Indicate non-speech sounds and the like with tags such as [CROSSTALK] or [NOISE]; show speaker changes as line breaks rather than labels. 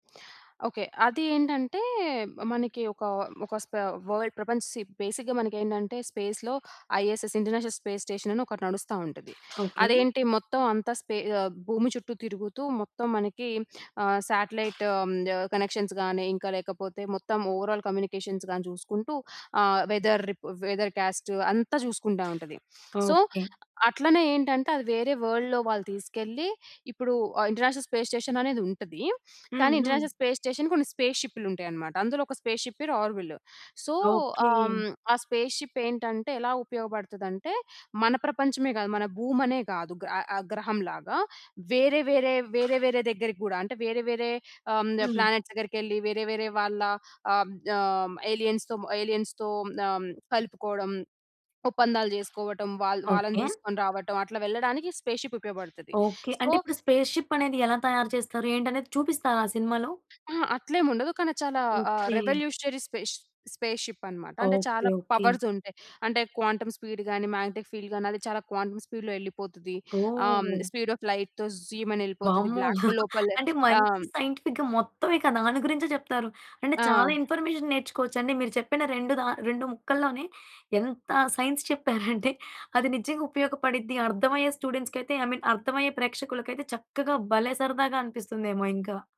Okay. అది ఏంటంటే మనకి ఒక, ఒక స్ప వర్ల్డ్ ప్రపంచం షిప్ బేసిక్‌గా మనకేంటంటే స్పేస్‌లో ఐఎస్ఎస్ ఇంటర్నేషనల్ స్పేస్ స్టేషన్ అని ఒకటి నడుస్తా ఉంటది.
ఓకే.
అదేంటి మొత్తం అంతా స్పే ఆహ్, భూమి చుట్టూ తిరుగుతూ మొత్తం మనకి ఆహ్, సాటిలైట్ ఆహ్, హ్మ్, కనెక్షన్స్ గాని ఇంకా లేకపోతే మొత్తం ఓవరాల్ కమ్యూనికేషన్స్ గాని చూసుకుంటూ ఆహ్, వెదర్ రిపో వెదర్ కాస్ట్ అంతా చూసుకుంటా [SNIFFS] ఉంటది. So,
okay.
అట్లనే ఏంటంటే అది వేరే వర్ల్డ్‌లో వాళ్ళు తీసుకెళ్ళి ఇప్పుడు ఆహ్, ఇంటర్నేషనల్ స్పేస్ స్టేషన్ అనేది ఉంటది. [SNIFFS]
హ్మ్.
కానీ
హ్మ్.
ఇంటర్నేషనల్ స్పేస్ స్టేషన్ కొన్ని స్పేస్ షిప్‌లు ఉంటాయనమాట. అందులో ఒక స్పేస్‌షిప్ పేరు ఆర్విల్. So,
okay.
ఆం ఆ స్పేస్‌షిప్ ఏంటంటే ఎలా ఉపయోగపడతదంటే, మన ప్రపంచమే గాదు మన భూమి అనే గాదు గ ఆహ్, ఆ గ్రహం లాగా వేరే, వేరే, వేరే వేరే దగ్గరకి గూడా అంటే వేరే, వేరే ఆహ్, హ్మ్,
హ్మ్.
ప్లానెట్స్ దగ్గరికి వెళ్లి వేరే, వేరే వాళ్ళ ఆహ్, ఆం ఏలియన్స్‌తో ఏలియన్స్‌తో ఆహ్, హ్మ్, కలుపుకోవడం. ఒప్పందాలు చేసుకోవటం, వాళ్ళ వాళ్ళని
ఓకే.
తీసుకొని రావటం అట్లా వెళ్ళడానికి స్పేస్‌షిప్ ఉపయోగపడతది.
ఓకే.
సో
అంటే ఇప్పుడు స్పేస్‌షిప్ అనేది ఎలా తయారు చేస్తారు ఏంటి అనేది చూపిస్తారా ఆ సినిమాలో?
ఆ! అట్లేముండదు. కానీ చాలా ఆహ్,
ఓకే.
రెవల్యూషనరీ స్పేస్ స్పేస్‌షిప్ అన్నమాట. అంటే
ఓకే.
చాలా
ఓకే.
పవర్స్ ఉంటాయి. అంటే క్వాంటం స్పీడ్ గాని, మాగ్నెటిక్ ఫీల్డ్ గాని అది చాలా క్వాంటం స్పీడ్‌లో యెళ్ళిపోతది. ఆహ్, హ్మ్
ఓహ్!
Speed of లైట్‌తో జూయ్‌మని ఎళ్ళిపోతది.
వామ్మో!
బ్లాక్ హోల్
[CHUCKLES]
లోపల
అంటే
ఆం
మంచి సైంటిఫిక్‌గా మొత్తం ఇక దాని గురించే చెప్తారు. అంటే చాలా
ఆ!
ఇన్‌ఫర్మేషన్ నేర్చుకోవచ్చు అండి. మీరు చెప్పిన రెండు రా రెండు ముక్కల్లోనే ఎంత సైన్స్ చెప్పారంటే, [GIGGLES] అది నిజంగా ఉపయోగపడిద్ధి, అర్థమయ్యే స్టూడెంట్స్‌కి అయితే ఐ మీన్ అర్థమయ్యే ప్రేక్షకులకయితే చక్కగా భలే సరదాగా అనిపిస్తుందేమో ఇంకా.